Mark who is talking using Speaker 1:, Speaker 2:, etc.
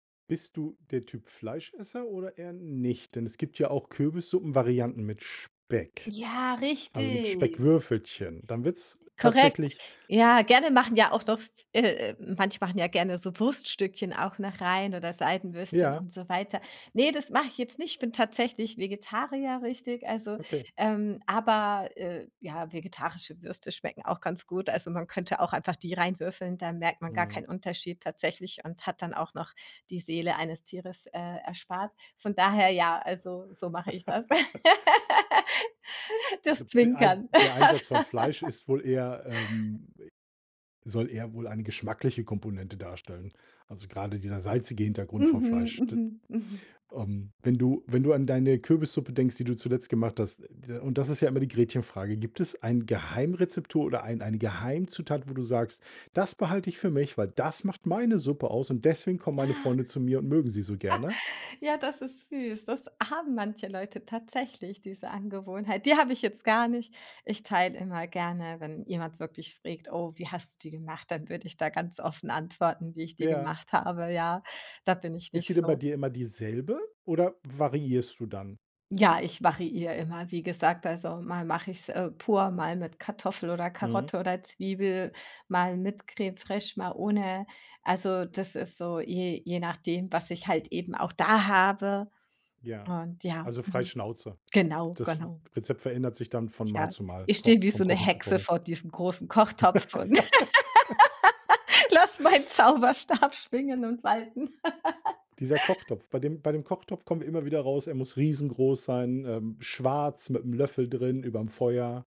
Speaker 1: Bist du der Typ Fleischesser oder eher nicht? Denn es gibt ja auch Kürbissuppenvarianten mit Speck,
Speaker 2: Ja,
Speaker 1: also, mit
Speaker 2: richtig.
Speaker 1: Speckwürfelchen. Dann wird's
Speaker 2: Korrekt.
Speaker 1: tatsächlich
Speaker 2: Ja, gerne machen ja auch noch äh, manche machen ja gerne so Wurststückchen auch noch rein oder Seidenwürstchen
Speaker 1: Ja.
Speaker 2: und so weiter. Ne, das mache ich jetzt nicht. Ich bin tatsächlich Vegetarier, richtig. Also,
Speaker 1: Okay.
Speaker 2: ähm, aber, äh, ja, vegetarische Würste schmecken auch ganz gut. Also, man könnte auch einfach die rein würfeln, da merkt man gar
Speaker 1: Mhm.
Speaker 2: keinen Unterschied tatsächlich und hat dann auch noch die Seele eines Tieres, äh, erspart. Von daher, ja, also, so mache ich das.
Speaker 1: Ich
Speaker 2: Das
Speaker 1: glaube, der Ein
Speaker 2: Zwinkern.
Speaker 1: der
Speaker 2: Aff
Speaker 1: Einsatz von Fleisch ist wohl eher, ähm soll eher wohl eine geschmackliche Komponente darstellen. Also, grade dieser salzige Hintergrund vom
Speaker 2: Mhm,
Speaker 1: Fleisch. D
Speaker 2: mhm, mhm.
Speaker 1: ähm, wenn du wenn du an deine Kürbissuppe denkst, die du zuletzt gemacht hast d äh, und das ist ja immer die Gretchenfrage: Gibt es ein Geheimrezeptur oder ein eine Geheimzutat, wo du sagst: „Das behalte ich für mich, weil das macht meine Suppe aus und deswegen kommen meine
Speaker 2: Ah.
Speaker 1: Freunde zu mir und mögen sie so gerne?“
Speaker 2: Ja, das ist süß. Das haben manche Leute tatsächlich, diese Angewohnheit. Die habe ich jetzt gar nicht. Ich teile immer gerne, wenn jemand wirklich frägt: „Oh, wie hast du die gemacht?“ Dann würde ich da ganz offen antworten, wie ich die
Speaker 1: Ja.
Speaker 2: gemacht habe. Ja, da bin ich
Speaker 1: Ist sie
Speaker 2: nicht
Speaker 1: denn bei
Speaker 2: so.
Speaker 1: dir immer dieselbe oder variierst du dann?
Speaker 2: Ja, ich variiere immer. Wie gesagt, also, mal mache ich's, äh, pur, mal mit Kartoffel oder
Speaker 1: Mhm.
Speaker 2: Karotte oder Zwiebel, mal mit Crème fraîche, mal ohne. Also, das ist so je je nachdem, was ich halt eben auch da habe.
Speaker 1: Ja.
Speaker 2: Und, ja,
Speaker 1: Also, frei
Speaker 2: mhm,
Speaker 1: Schnauze.
Speaker 2: genau,
Speaker 1: Das
Speaker 2: genau.
Speaker 1: Rezept verändert sich dann von Mal
Speaker 2: Ja,
Speaker 1: zu Mal,
Speaker 2: ich
Speaker 1: Ko
Speaker 2: stehe wie so
Speaker 1: vom
Speaker 2: 'ne
Speaker 1: Kochen zu
Speaker 2: Hexe
Speaker 1: Kochen.
Speaker 2: vor diesem großen Kochtopf und lasse meinen Zauberstab schwingen und walten.
Speaker 1: Dieser Kochtopf bei dem bei dem Kochtopf kommen wir immer wieder raus, er muss riesengroß sein, äh, schwarz mit'm Löffel drin überm Feuer.